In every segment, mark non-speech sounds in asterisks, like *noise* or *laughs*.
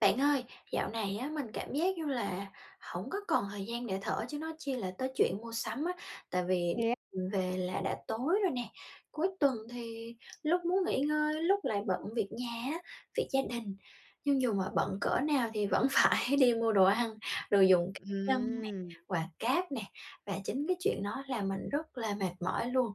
Bạn ơi, dạo này á mình cảm giác như là hổng có còn thời gian để thở chứ nói chi là tới chuyện mua sắm á, tại vì Thế a đi về là đã tối rồi nè, cuối tuần thì lúc muốn nghỉ ngơi, lúc lại bận việc nhà á, việc gia đình. Nhưng dù mà bận cỡ nào thì vẫn phải đi mua đồ ăn, đồ dùng c nhân nè, Ừm. quà cáp nè, và chính cái chuyện đó làm mình rất là mệt mỏi luôn.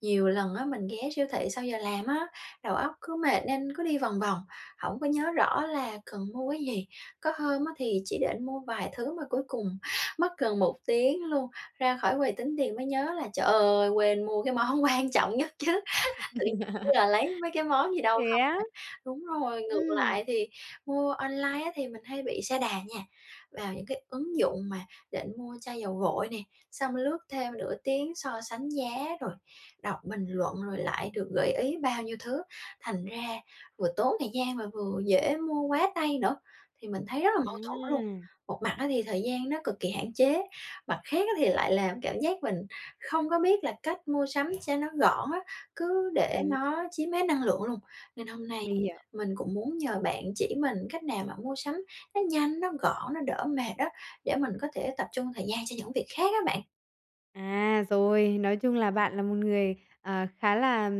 Nhiều lần á, mình ghé siêu thị sau giờ làm á, đầu óc cứ mệt nên cứ đi vòng vòng, hổng có nhớ rõ là cần mua cái gì. Có hôm á thì chỉ định mua vài thứ mà cuối cùng mất gần 1 tiếng luôn, ra khỏi quầy tính tiền mới nhớ là, trời ơi, quên mua cái món quan trọng nhất chứ, tự nhiên *laughs* là lấy mấy cái món gì đâu Thế không á? à. Đúng rồi, ngược Ừm. lại thì mua online á thì mình hay bị sa đà nha. Vào những cái ứng dụng mà định mua chai dầu gội nè, xong lướt thêm nửa tiếng so sánh giá, rồi đọc bình luận, rồi lại được gợi ý bao nhiêu thứ, thành ra vừa tốn thời gian mà vừa dễ mua quá tay nữa. Thì mình thấy rất là mâu thuẫn luôn, À! một mặt á thì thời gian nó cực kỳ hạn chế. Mặt khác á, thì lại làm cảm giác mình không có biết là cách mua sắm cho nó gọn á, cứ để Ừm. nó chiếm hết năng lượng luôn. Nên hôm nay Mình hiểu. mình cũng muốn nhờ bạn chỉ mình cách nào mà mua sắm nó nhanh, nó gọn, nó đỡ mệt đó, để mình có thể tập trung thời gian cho những việc khác á bạn. À, rồi, nói chung là bạn là một người, ờ, khá là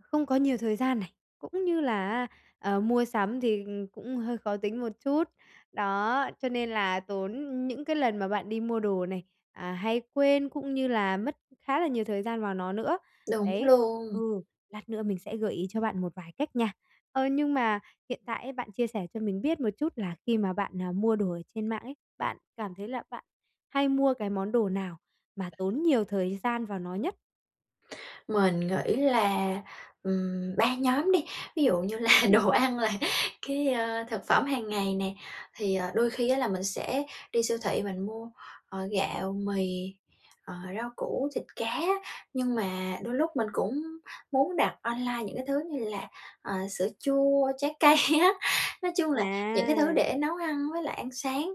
không có nhiều thời gian này, cũng như là á, ờ, mua sắm thì cũng hơi khó tính một chút. Đó, cho nên là tốn những cái lần mà bạn đi mua đồ này, à, hay quên cũng như là mất khá là nhiều thời gian vào nó nữa. Đúng Đấy. luôn. Ừ, lát nữa mình sẽ gợi ý cho bạn một vài cách nha. Ờ, nhưng mà hiện tại ấy, bạn chia sẻ cho mình biết một chút là khi mà bạn, ờ, mua đồ ở trên mạng ấy, bạn cảm thấy là bạn hay mua cái món đồ nào mà tốn nhiều thời gian vào nó nhất? Mình nghĩ là, ừm, 3 nhóm đi. Ví dụ như là Ừm. đồ ăn là cái, ơ, thực phẩm hàng ngày nè. Thì, ờ, đôi khi á, là mình sẽ đi siêu thị mình mua, ờ, gạo, mì, ờ, rau củ, thịt cá á. Nhưng mà đôi lúc mình cũng muốn đặt online những cái thứ như là, ờ, sữa chua, trái cây á. Nói chung là những cái thứ để À. nấu ăn với lại ăn sáng.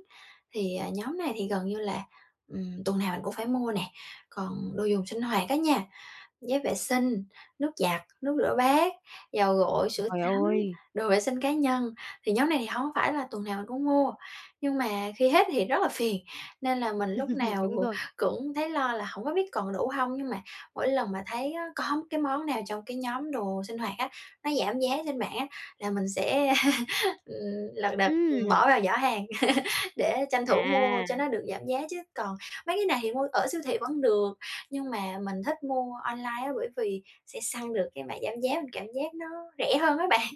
Thì, ờ, nhóm này thì gần như là, ừm, tuần nào mình cũng phải mua nè. Còn đồ dùng sinh hoạt á nha, giấy vệ sinh, nước giặt, nước rửa bát, dầu gội, sữa Trời tắm, ơi! đồ vệ sinh cá nhân. Thì nhóm này thì hông phải là tuần nào mình cũng mua. Nhưng mà khi hết thì rất là phiền, nên là mình lúc *laughs* nào Đúng rồi. cũng thấy lo là hổng có biết còn đủ hông. Nhưng mà mỗi lần mà thấy á, có cái món nào trong cái nhóm đồ sinh hoạt á, nó giảm giá trên mạng á, là mình sẽ, *laughs* ừm, lật đật Ừm. bỏ vào giỏ hàng *laughs* để tranh thủ mua cho À. nó được giảm giá. Chứ còn mấy cái này thì mua ở siêu thị vẫn được, nhưng mà mình thích mua online á, bởi vì sẽ săn được cái mã giảm giá, mình cảm giác nó rẻ hơn á bạn.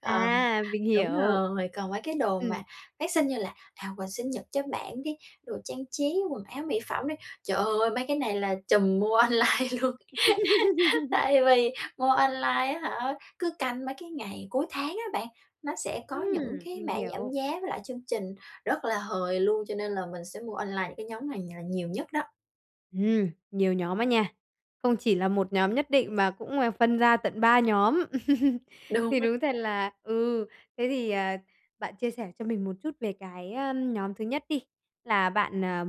Ờ, À, mình đúng hiểu. rồi, còn mấy cái đồ Ừm. mà phát sinh như là, à, quà sinh nhật cho bạn đi, đồ trang trí, quần áo, mỹ phẩm đi. Trời ơi, mấy cái này là trùm mua online luôn. *laughs* *laughs* Tại vì mua online á hả, cứ canh mấy cái ngày cuối tháng á bạn, nó sẽ có những Ừm, cái mình mã giảm hiểu. giá với lại chương trình rất là hời luôn. Cho nên là mình sẽ mua online những cái nhóm này nhà nhiều nhất đó. Ừm, nhiều nhóm á nha. Không chỉ là 1 nhóm nhất định mà cũng là phân ra tận 3 nhóm. *laughs* Đúng. Thì đúng thật là ừ, thế thì, ờ, bạn chia sẻ cho mình một chút về cái, ờ, nhóm thứ nhất đi, là bạn, ờ,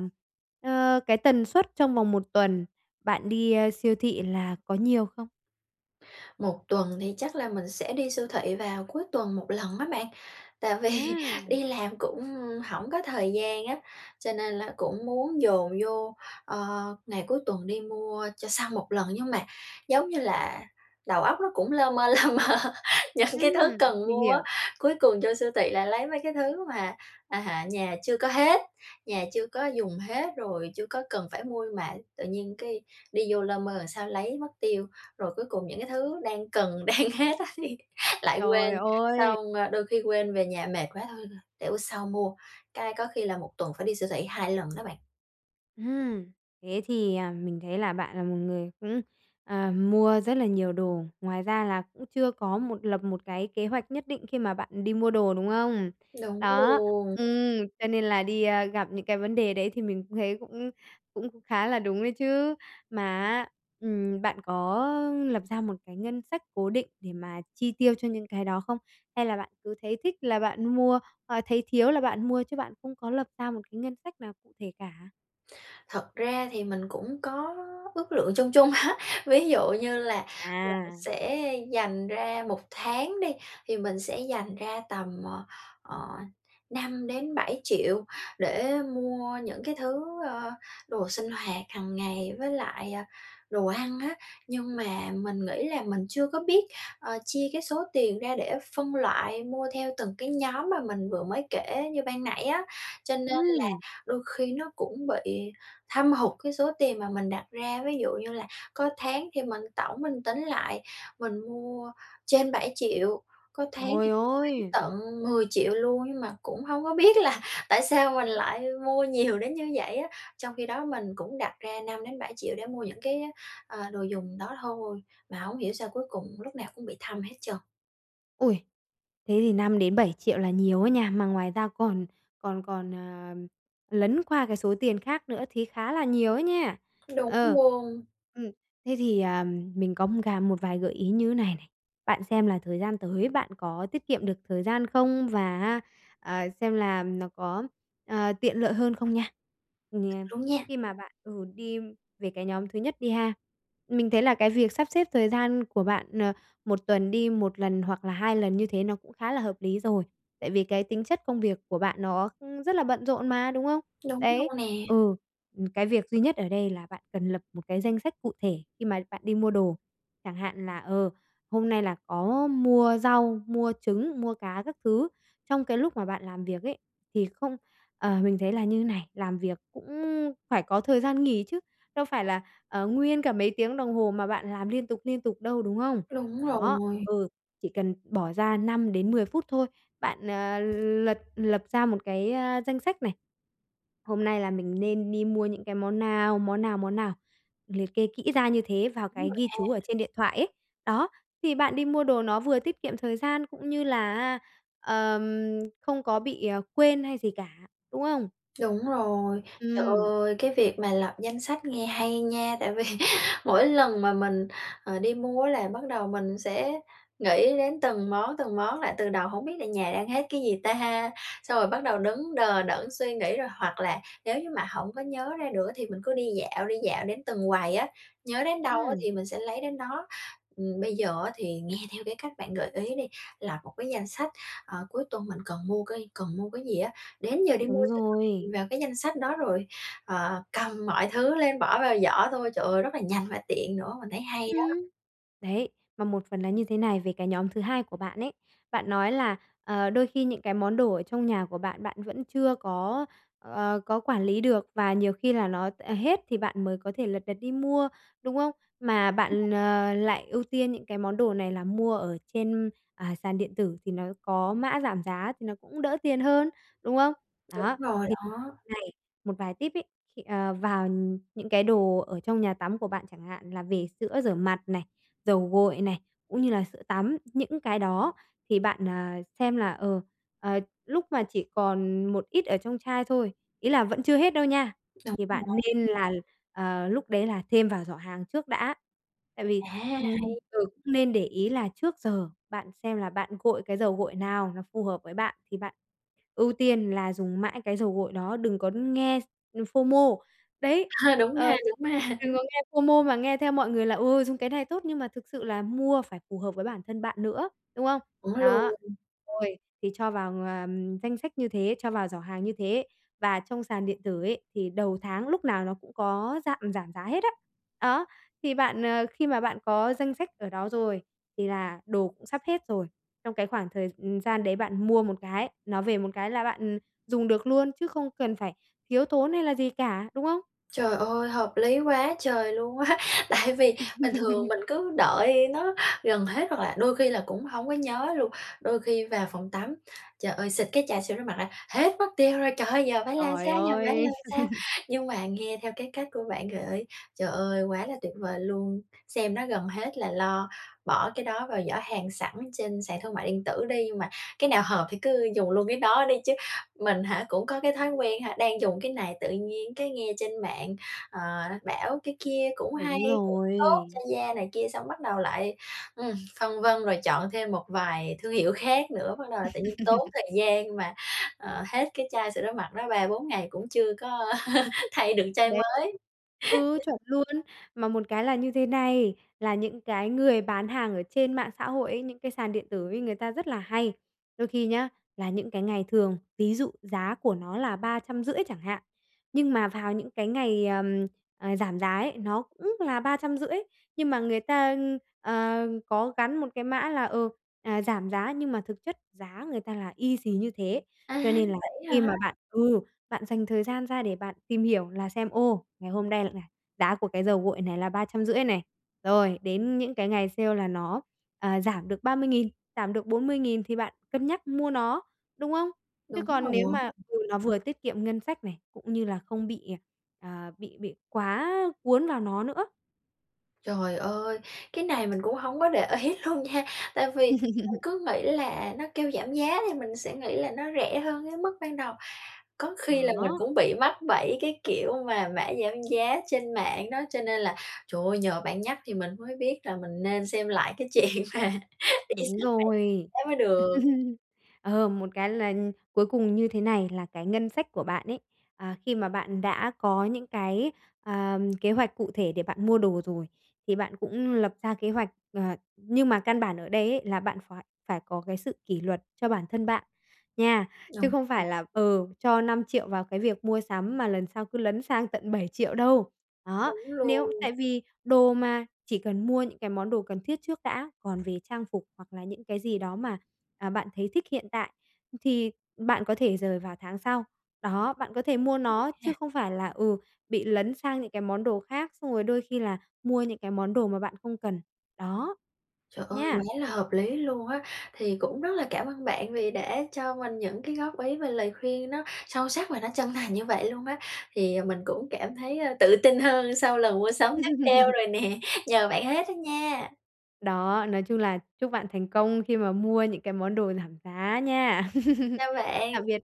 ờ, cái tần suất trong vòng 1 tuần bạn đi, a, siêu thị là có nhiều không? Một tuần thì chắc là mình sẽ đi siêu thị vào cuối tuần 1 lần á bạn, tại vì À. đi làm cũng hổng có thời gian á, cho nên là cũng muốn dồn vô, ờ, ngày cuối tuần đi mua cho xong 1 lần. Nhưng mà giống như là đầu óc nó cũng lơ mơ, lơ mơ những cái Ừm, thứ cần mình mua á, hiểu. cuối cùng vô siêu thị là lấy mấy cái thứ mà, à, nhà chưa có hết nhà chưa có dùng hết rồi chưa có cần phải mua mà tự nhiên cái đi vô lơ mơ làm sao lấy mất tiêu, rồi cuối cùng những cái thứ đang cần, đang hết á thì lại Trời quên, ơi! xong, đôi khi quên về nhà mệt quá thôi thôi, để bữa sau mua, cái có khi là 1 tuần phải đi siêu thị 2 lần đó bạn. Ừm, thế thì, à, mình thấy là bạn là một người cũng, ờ, mua rất là nhiều đồ, ngoài ra là cũng chưa có một lập một cái kế hoạch nhất định khi mà bạn đi mua đồ, đúng không? Đúng Đó, luôn. ừm, cho nên là đi a, gặp những cái vấn đề đấy thì mình cũng thấy cũng cũng khá là đúng đấy chứ. Mà á, ừm, bạn có, lập ra một cái ngân sách cố định để mà chi tiêu cho những cái đó không? Hay là bạn cứ thấy thích là bạn mua, ờ, thấy thiếu là bạn mua chứ bạn không có lập ra một cái ngân sách nào cụ thể cả? Thật ra thì mình cũng có ước lượng chung chung á. Ví dụ như là mình À. sẽ dành ra 1 tháng đi thì mình sẽ dành ra tầm, ờ, ờ, 5-7 triệu để mua những cái thứ, ơ, đồ sinh hoạt hằng ngày với lại, ờ, đồ ăn á. Nhưng mà mình nghĩ là mình chưa có biết, ờ, chia cái số tiền ra để phân loại mua theo từng cái nhóm mà mình vừa mới kể như ban nãy á, cho nên là Ừm. đôi khi nó cũng bị thâm hụt cái số tiền mà mình đặt ra. Ví dụ như là có tháng khi mình tổng mình tính lại, mình mua trên 7.000.000 có tháng Trời thì *unintelligible* ôi! tận 10.000.000 luôn nhưng mà cũng hông có biết là tại sao mình lại mua nhiều đến như vậy á? Trong khi đó mình cũng đặt ra 5-7 triệu để mua những cái á, ờ, đồ dùng đó thôi, mà hổng hiểu sao cuối cùng lúc nào cũng bị thâm hết trơn. Ôi! Thế thì 5-7 triệu là nhiều ấy nha, mà ngoài ra còn còn còn, à, lấn qua cái số tiền khác nữa thì khá là nhiều á nha. Đúng Ờ. luôn. Ừm, thế thì, ờm, mình có, ưm, cà một vài gợi ý như này này, bạn xem là thời gian tới, bạn có tiết kiệm được thời gian không và, a, ờ, xem là nó có, ờ, tiện lợi hơn không nha. Ừm, nh Đúng nha. khi mà bạn, ừ, đi về cái nhóm thứ nhất đi ha, mình thấy là cái việc sắp xếp thời gian của bạn, ờ, 1 tuần đi 1 lần hoặc là 2 lần như thế nó cũng khá là hợp lý rồi, tại vì cái tính chất công việc của bạn nó, ưm, rất là bận rộn mà, đúng không? Đúng luôn Đấy, nè. ừ. Ừm, cái việc duy nhất ở đây là bạn cần lập một cái danh sách cụ thể khi mà bạn đi mua đồ, chẳng hạn là, ờ, hôm nay là có mua rau, mua trứng, mua cá các thứ. Trong cái lúc mà bạn làm việc ấy thì không ờ, mình thấy là như này, làm việc cũng phải có thời gian nghỉ chứ đâu phải là, ờ, nguyên cả mấy tiếng đồng hồ mà bạn làm liên tục, liên tục đâu, đúng không? Đúng Đó. rồi. Ừ. Chỉ cần bỏ ra 5-10 phút thôi, bạn, ờ, lật lập ra một cái, a, danh sách này, hôm nay là mình nên đi mua những cái món nào, món nào, món nào, liệt kê kỹ ra như thế vào Đúng cái rồi ghi chú ở ha. trên điện thoại ấy. Đó, thì bạn đi mua đồ nó vừa tiết kiệm thời gian cũng như là, a, ờm, không có bị, ờ, quên hay gì cả, đúng không? Đúng rồi. Trời Ừm. ơi! Cái việc mà lập danh sách nghe hay nha! Tại vì mỗi lần mà mình, ờ, đi mua á là bắt đầu mình sẽ nghĩ đến từng món, từng món lại từ đầu hổng biết là nhà đang hết cái gì ta? Xong rồi bắt đầu đứng đờ đẫn suy nghĩ rồi hoặc là nếu như mà hổng có nhớ ra nữa thì mình cứ đi dạo, đi dạo đến từng quầy á, nhớ đến đâu á Ừm. thì mình sẽ lấy đến đó. Ừm, bây giờ á thì nghe theo cái cách bạn gợi ý đi lập một cái danh sách, ờ, cuối tuần mình cần mua cái cần mua cái gì á, đến giờ đi mua Đúng sẽ rồi. *unintelligible* vào cái danh sách đó rồi, ờ, cầm mọi thứ lên bỏ vào giỏ thôi, trời ơi! Rất là nhanh và tiện nữa, mình thấy hay đó! Ừm. Đấy, mà một phần là như thế này về cái nhóm thứ hai của bạn ấy, bạn nói là, ờ, đôi khi những cái món đồ ở trong nhà của bạn, bạn vẫn chưa có, ờ, có quản lý được và nhiều khi là nó, ờ, hết thì bạn mới có thể lật đật đi mua, đúng không? Mà *unintelligible* bạn, ờ, lại ưu tiên những cái món đồ này là mua ở trên, à, sàn điện tử thì nó có mã giảm giá thì nó cũng đỡ tiền hơn, đúng không? Đúng Đó, rồi thì *unintelligible* đó. này một vài tip ấy, thì, ờ, vào những cái đồ ở trong nhà tắm của bạn chẳng hạn là về sữa rửa mặt này, dầu gội này, cũng như là sữa tắm những cái đó thì bạn, ờ, xem là, ờ, ờ, lúc mà chỉ còn một ít ở trong chai thôi, ý là vẫn chưa hết đâu nha, Đúng thì bạn rồi. nên là, ờ, lúc đấy là thêm vào giỏ hàng trước đã, tại À, vì, ừm, hay! giờ cũng nên để ý là trước giờ bạn xem là bạn gội cái dầu gội nào nó phù hợp với bạn thì bạn ưu tiên là dùng mãi cái dầu gội đó, đừng có nghe s ừm, FOMO. Đấy, *laughs* Đúng ờ, ha, *unintelligible* đúng ha. đừng có nghe FOMO mà nghe theo mọi người là "Ừ, dùng cái này tốt" nhưng mà thực sự là mua phải phù hợp với bản thân bạn nữa, đúng không? Đúng luôn. Đó. Rồi. Thì cho vào, ờm, danh sách như thế, cho vào giỏ hàng như thế và trong sàn điện tử ấy, thì đầu tháng lúc nào nó cũng có giạm giảm giá hết á. Á, thì bạn, ờ, khi mà bạn có danh sách ở đó rồi thì là đồ cũng sắp hết rồi. Trong cái khoảng thời, ừm, gian đấy bạn mua một cái, nó về một cái là bạn, ừm, dùng được luôn chứ không cần phải thiếu tốn hay là gì cả, đúng không? Trời ơi, hợp lý quá trời luôn á! Tại vì bình thường *laughs* mình cứ đợi nó gần hết hoặc là đôi khi là cũng hông có nhớ luôn. Đôi khi vào phòng tắm, trời ơi, xịt cái chai sữa rửa mặt ra hết mất tiêu rồi! Trời ơi, giờ phải làm Trời sao, giờ phải ơi! làm sao? *laughs* Nhưng mà nghe theo cái cách của bạn gợi ý, trời ơi, quá là tuyệt vời luôn! Xem nó gần hết là lo bỏ cái đó vào giỏ hàng sẵn trên sàn thương mại điện tử đi nhưng mà cái nào hợp thì cứ dùng luôn cái đó đi chứ. Mình hả cũng có cái thói quen ha, đang dùng cái này tự nhiên cái nghe trên mạng, ờ, bảo cái kia cũng hay, Đúng cũng tốt cho rồi. da này kia xong bắt đầu lại, ừm, phân vân rồi chọn thêm một vài thương hiệu khác nữa. Bắt đầu là tự nhiên tốn *laughs* thời gian mà, ờ, hết cái chai sữa rửa mặt đó 3, 4 ngày cũng chưa có *laughs* thay được chai Đấy. *unintelligible* mới. Ừ, *laughs* chuẩn luôn. Mà một cái là như thế này, là những cái người bán hàng ở trên mạng xã hội ấy, những cái sàn điện tử ấy người ta rất là hay đôi khi nhá, là những cái ngày thường, ví dụ giá của nó là 350.000 chẳng hạn, nhưng mà vào những cái ngày, ờm, à, giảm giá ấy, nó cũng là 350.000, nhưng mà người ta, ưm, ờ, có gắn một cái mã là, ừ, à, giảm giá, nhưng mà thực chất giá người ta là y xì như thế. À, Cho nên là vậy á khi hả? mà bạn ừ, bạn dành thời gian ra để bạn tìm hiểu là xem, ô, ngày hôm nay là giá của cái dầu gội này là 350.000 này, rồi đến những cái ngày sale là nó, ờ, giảm được 30.000, giảm được 40.000 thì bạn cân nhắc mua nó, đúng không? Chứ Đúng còn nếu rồi. mà ừ, nó vừa tiết kiệm ngân sách này, cũng như là không bị, ờ, ờ, bị bị quá cuốn vào nó nữa. Trời ơi! Cái này mình cũng hông có để ý luôn nha, tại vì mình *laughs* cứ nghĩ là nó kêu giảm giá thì mình sẽ nghĩ là nó rẻ hơn cái mức ban đầu. Có khi là mình Đó. cũng bị mắc bẫy cái kiểu mà mã giảm giá trên mạng đó, cho nên là, trời ơi, nhờ bạn nhắc thì mình mới biết là mình nên xem lại cái chuyện mà *laughs* đi Đúng *unintelligible* rồi. đó mới được. *chuckles* Ờ, một cái là, ừm, cuối cùng như thế này là cái ngân sách của bạn ấy, à, khi mà bạn đã có những cái, à, kế hoạch cụ thể để bạn mua đồ rồi, thì bạn cũng lập ra kế hoạch, ờ nhưng mà căn bản ở đây ấy là bạn phải phải có cái sự kỷ luật cho bản thân bạn, nha! Chứ Đồng không ý. phải là, ừ, cho 5.000.000 vào cái việc mua sắm mà lần sau cứ lấn sang tận 7.000.000 đâu. Đó, Đúng nếu tại luôn. vì đồ mà, chỉ cần mua những cái món đồ cần thiết trước đã, còn về trang phục hoặc là những cái gì đó mà, à, bạn thấy thích hiện tại, ừm, thì bạn có thể dời vào tháng sau. Đó, bạn có thể mua Ừm nó ha. chứ không phải là, ừ, bị lấn sang những cái món đồ khác xong rồi đôi khi là mua những cái món đồ mà bạn không cần. Đó! Trời ơi, quá Nha! là hợp lý luôn á! Thì cũng rất là cảm ơn bạn vì đã cho mình những cái góp ý và lời khuyên nó sâu sắc và nó chân thành như vậy luôn á. Thì mình cũng cảm thấy tự tin hơn sau lần mua sắm tiếp theo *laughs* rồi nè, nhờ bạn hết á nha! Đó, nói chung là chúc bạn thành công khi mà mua những cái món đồ giảm giá nha! *laughs* Chào bạn! Tạm biệt.